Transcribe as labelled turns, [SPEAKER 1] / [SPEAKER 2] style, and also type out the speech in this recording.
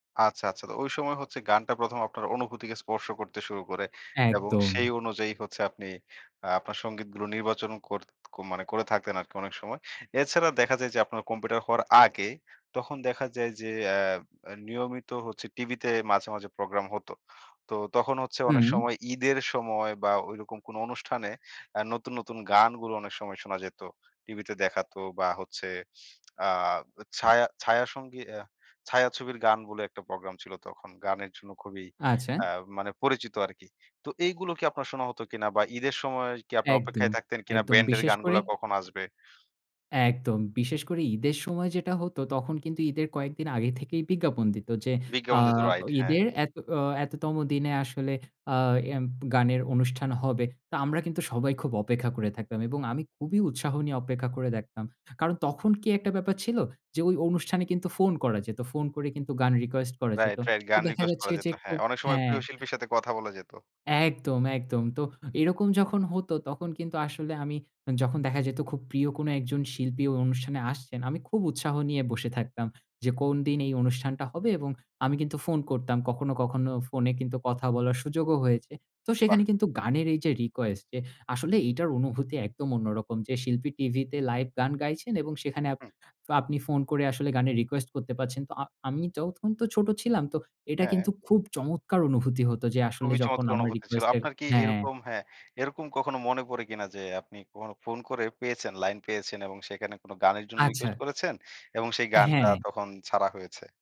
[SPEAKER 1] আচ্ছা, আচ্ছা। তো, ঐ সময় হচ্ছে, গানটা প্রথম আপনার অনুভূতিকে স্পর্শ করতে শুরু করে। এবং সেই
[SPEAKER 2] একদম।
[SPEAKER 1] অনুযায়ী হচ্ছে, আপনি আ আপনার সঙ্গীতগুলো নির্বাচনও করত ক মানে করে থাকতেন আরকি, অনেক সময়। এছাড়া দেখা যায় যে, আপনার কম্পিউটার হওয়ার আগে, তখন দেখা যায় যে অ্যা নিয়মিত হচ্ছে টিভিতে মাঝে, মাঝে, প্রোগ্রাম হত। তো, তখন হচ্ছে অনেক
[SPEAKER 2] হুম।
[SPEAKER 1] সময় ঈদের সময় বা ঐরকম কোন অনুষ্ঠানে আ নতুন, নতুন, গানগুলো অনেক সময় শোনা যেত। টিভিতে দেখাতো, বা হচ্ছে আ ছায়া ছায়াসঙ্গী আ ছায়াছবির গান বলে, একটা প্রোগ্রাম ছিল তখন। গানের জন্য খুবই,
[SPEAKER 2] আচ্ছা।
[SPEAKER 1] আ মানে পরিচিত আরকি। তো এইগুলো কি আপনার শোনা হত কিনা, বা ঈদের সময় কি, আপনি
[SPEAKER 2] একদম,
[SPEAKER 1] অপেক্ষায় থাকতেন কিনা,
[SPEAKER 2] একদম,
[SPEAKER 1] ব্যান্ডের
[SPEAKER 2] বিশেষ করে
[SPEAKER 1] গানগুলা কখন আসবে?
[SPEAKER 2] একদম। বিশেষ করে, ঈদের সময় যেটা হতো, তখন কিন্তু ঈদের কয়েকদিন আগে থেকেই বিজ্ঞাপন দিত যে, আ
[SPEAKER 1] বিজ্ঞাপন দিতো, রাইট। হ্যাঁ।
[SPEAKER 2] ঈদের এত অ এততম দিনে আসলে আ এম গানের অনুষ্ঠান হবে। তো, আমরা কিন্তু সবাই, খুব অপেক্ষা করে থাকতাম। এবং আমি খুবই উৎসাহ নিয়ে অপেক্ষা করে দেখতাম। কারণ, তখন কি একটা ব্যাপার ছিল যে, ওই অনুষ্ঠানে কিন্তু ফোন করা যেত। ফোন করে কিন্তু গান রিকোয়েস্ট করা যেত।
[SPEAKER 1] রাইট, রাইট,
[SPEAKER 2] তো
[SPEAKER 1] গান
[SPEAKER 2] দেখা
[SPEAKER 1] রিকোয়েস্ট
[SPEAKER 2] যাচ্ছে
[SPEAKER 1] করা যেত।
[SPEAKER 2] যে
[SPEAKER 1] হ্যাঁ।
[SPEAKER 2] খুব
[SPEAKER 1] অনেক সময়,
[SPEAKER 2] হ্যাঁ।
[SPEAKER 1] প্রিয় শিল্পীর সাথে, কথা বলা যেত।
[SPEAKER 2] একদম, একদম। তো, এরকম যখন হতো, তখন কিন্তু আসলে আমি, যখন দেখা যেত, খুব প্রিয় কোন একজন শিল্পী ওই অনুষ্ঠানে আসছেন, আমি খুব উৎসাহ নিয়ে বসে থাকতাম। যে কোন দিন এই অনুষ্ঠানটা হবে? এবং আমি কিন্তু ফোন করতাম। কখনো, কখনো ফোনে কিন্তু কথা বলার সুযোগও হয়েছে। তো
[SPEAKER 1] বাহ!
[SPEAKER 2] সেখানে কিন্তু গানের এই যে রিকোয়েস্ট, যে আসলে এটার অনুভূতি একদম অন্যরকম। যে শিল্পী টিভিতে লাইভ গান গাইছেন এবং সেখানে আপ
[SPEAKER 1] হুম।
[SPEAKER 2] আপনি ফোন করে আসলে গানের রিকোয়েস্ট করতে পারছেন। তো, আ আমি তখন তো ছোট ছিলাম, তো এটা
[SPEAKER 1] হ্যাঁ।
[SPEAKER 2] কিন্তু খুব চমৎকার অনুভূতি হত। যে, আসলে
[SPEAKER 1] খুবই
[SPEAKER 2] যখন
[SPEAKER 1] চমৎকার
[SPEAKER 2] আমার
[SPEAKER 1] অনুভূতি ছিল।
[SPEAKER 2] রিকোয়েস্ট এর
[SPEAKER 1] আপনার কি
[SPEAKER 2] হ্যাঁ।
[SPEAKER 1] এরকম হ্যাঁ, এরকম কখনো মনে পড়ে কিনা যে, আপনি কখনো ফোন করে পেয়েছেন, লাইন পেয়েছেন এবং সেখানে কোন গানের জন্য
[SPEAKER 2] আচ্ছা।
[SPEAKER 1] রিকোয়েস্ট করেছেন এবং সেই গানটা,
[SPEAKER 2] হ্যাঁ।
[SPEAKER 1] তখন ছাড়া হয়েছে?